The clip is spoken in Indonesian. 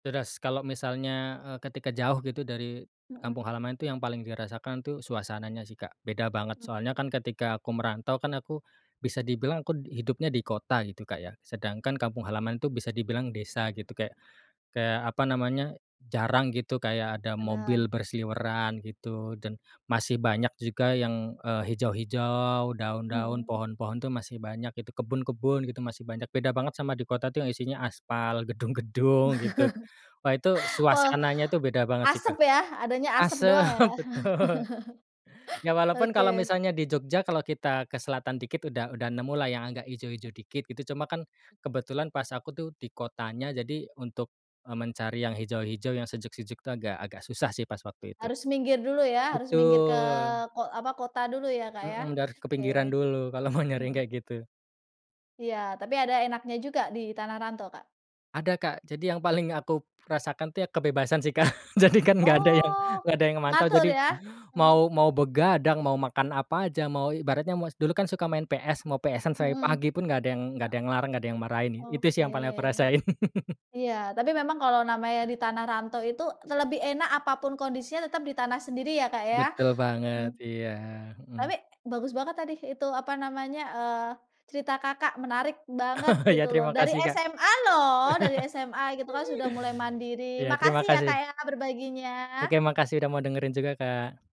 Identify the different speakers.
Speaker 1: Deras, kalau misalnya, eee, ketika jauh gitu dari
Speaker 2: Mhm.
Speaker 1: kampung halaman itu yang paling dirasakan, tuh, suasananya, sih, Kak. Beda banget,
Speaker 2: Not
Speaker 1: soalnya, kan, ketika aku merantau, kan, aku bisa dibilang aku hidupnya di kota gitu, Kak, ya. Sedangkan kampung halaman itu bisa dibilang desa gitu, kayak kayak apa namanya, jarang gitu kayak ada
Speaker 2: Bener.
Speaker 1: mobil berseliweran gitu. Dan masih banyak juga yang, eee, hijau-hijau, daun-daun,
Speaker 2: Mhm.
Speaker 1: pohon-pohon, tuh, masih banyak gitu, kebun-kebun gitu masih banyak. Beda banget sama di kota, tuh, yang isinya aspal, gedung-gedung, gitu. Wah, itu
Speaker 2: Po
Speaker 1: suasananya tuh beda banget, sih,
Speaker 2: asep
Speaker 1: Kak.
Speaker 2: ya, adanya asep
Speaker 1: Asep,
Speaker 2: doang, ya, Kak?
Speaker 1: betul. Ya, walaupun kalau
Speaker 2: Oke.
Speaker 1: misalnya di Jogja, kalau kita ke selatan dikit udah udah nemulah yang agak
Speaker 2: M
Speaker 1: hijau-hijau dikit gitu. Cuma, kan,
Speaker 2: M
Speaker 1: kebetulan pas aku, tuh, di kotanya, jadi untuk, eee, mencari yang hijau-hijau yang sejuk-sejuk itu agak agak susah, sih, pas waktu itu.
Speaker 2: Harus minggir dulu, ya, harus minggir ke
Speaker 1: Betul.
Speaker 2: ko apa, kota dulu ya, Kak, ya?
Speaker 1: Mhm, dan harus ke pinggiran
Speaker 2: Oke.
Speaker 1: dulu, kalau mau nyari yang
Speaker 2: Mhm.
Speaker 1: kayak gitu.
Speaker 2: Iya. Tapi ada enaknya juga di tanah rantau, Kak?
Speaker 1: Ada, Kak. Jadi yang paling aku rasakan, tuh, ya, kebebasan, sih, Kak. Jadi, kan, nggak ada yang
Speaker 2: Oh,
Speaker 1: nggak ada yang mantau,
Speaker 2: ngatur
Speaker 1: jadi
Speaker 2: ya?
Speaker 1: mau
Speaker 2: Hmm.
Speaker 1: mau begadang, mau makan apa aja, mau ibaratnya mau dulu, kan, suka main PS, mau PS-an sampai pagi
Speaker 2: Mhm.
Speaker 1: pun nggak ada yang nggak ada
Speaker 2: Ah
Speaker 1: yang ngelarang, nggak ada yang marahin. Itu, sih,
Speaker 2: Oke.
Speaker 1: yang paling aku rasain.
Speaker 2: Iya. Tapi memang kalau namanya di tanah rantau itu te lebih enak apapun kondisinya tetap di tanah sendiri, ya, Kak, ya?
Speaker 1: Betul banget.
Speaker 2: Mhm.
Speaker 1: Iya.
Speaker 2: Tapi,
Speaker 1: Mhm.
Speaker 2: bagus banget tadi itu, apa namanya, eee, cerita Kakak. Menarik banget
Speaker 1: Oh, iya,
Speaker 2: gitu loh,
Speaker 1: terima
Speaker 2: dari
Speaker 1: kasih, Kak.
Speaker 2: SMA loh! Dari SMA gitu, kan, sudah mulai mandiri.
Speaker 1: Iya, terima
Speaker 2: Makasih, ya, Kak,
Speaker 1: kasih.
Speaker 2: ya,
Speaker 1: Oke,
Speaker 2: berbaginya.
Speaker 1: makasih udah mau dengerin juga, Kak.